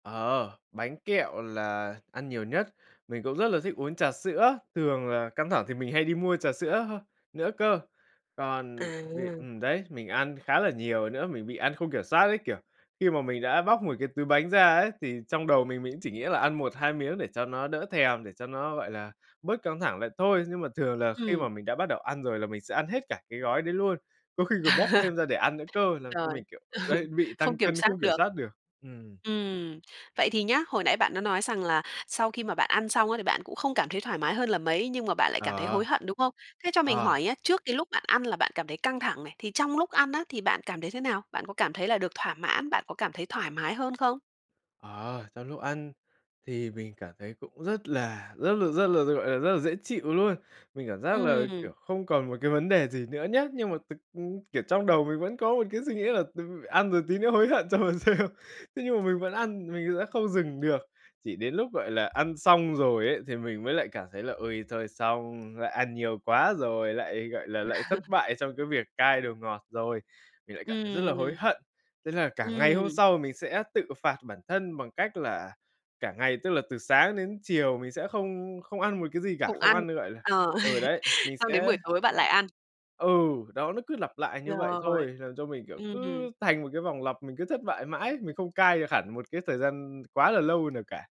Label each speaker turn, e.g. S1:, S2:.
S1: Ờ, bánh kẹo là ăn nhiều nhất, mình cũng rất là thích uống trà sữa. Thường là căng thẳng thì mình hay đi mua trà sữa h nữa cơ. Còn việc
S2: À.
S1: ừm đấy, mình ăn khá là nhiều nữa, mình bị ăn không kiểm soát ấy, kiểu, khi mà mình đã bóc một cái túi bánh ra ấy, thì trong đầu mình, mình cũng chỉ nghĩ là ăn 1-2 miếng để cho nó đỡ thèm, để cho nó, gọi là, bớt căng thẳng lại thôi. Nhưng mà thường là khi
S2: Ừm.
S1: mà mình đã bắt đầu ăn rồi là mình sẽ ăn hết cả cái gói đấy luôn. Có khi còn bóc thêm ra để ăn nữa cơ! Làm cho
S2: Rồi,
S1: mình, kiểu, ờ,
S2: ừ,
S1: đấy, bị tăng
S2: không kiểm
S1: cân
S2: soát
S1: không kiểm
S2: được!
S1: soát được. Ừm.
S2: Ừm. Vậy thì nhá, hồi nãy bạn đã nói rằng là sau khi mà bạn ăn xong á, thì bạn cũng không cảm thấy thoải mái hơn là mấy, nhưng mà bạn lại cảm thấy
S1: Ờ.
S2: hối hận, đúng không? Thế cho mình
S1: Ờ.
S2: hỏi nhá, trước cái lúc bạn ăn là bạn cảm thấy căng thẳng này, thì trong lúc ăn á, thì bạn cảm thấy thế nào? Bạn có cảm thấy là được thỏa mãn, bạn có cảm thấy thoải mái hơn không?
S1: Ờ, trong lúc ăn thì mình cảm thấy cũng rất là rất là rất là, ta gọi là, rất là dễ chịu luôn. Mình cảm giác là, kiểu,
S2: Ừm.
S1: không còn một cái vấn đề gì nữa nhá, nhưng mà thực, ừm kiểu, trong đầu mình vẫn có một cái suy nghĩ là "Từ ăn rồi tí nữa hối hận cho mà xem." Thế nhưng mà mình vẫn ăn, mình đã không dừng được. Chỉ đến lúc, gọi là, ăn xong rồi ấy, thì mình mới lại cảm thấy là "Ôi thôi xong, lại ăn nhiều quá rồi, lại, gọi là, lại thất bại trong cái việc cai đồ ngọt rồi!" Mình lại cảm thấy rất là hối
S2: Ừm.
S1: hận! Thế là cả ngày hôm
S2: Ừm.
S1: sau mình sẽ tự phạt bản thân bằng cách là cả ngày, tức là từ sáng đến chiều, mình sẽ không không ăn một cái gì cả,
S2: Không
S1: không
S2: ăn,
S1: ăn nữa, gọi là
S2: ờ,
S1: ừ đấy, mình
S2: xong đến
S1: sẽ
S2: buổi tối bạn lại ăn.
S1: Ừ, đó, nó cứ lặp lại như vậy
S2: Rồi,
S1: thôi, làm cho mình, kiểu,
S2: ừm.
S1: cứ thành một cái vòng lặp mình cứ thất bại mãi, mình không cai được hẳn một cái thời gian quá là lâu nào cả.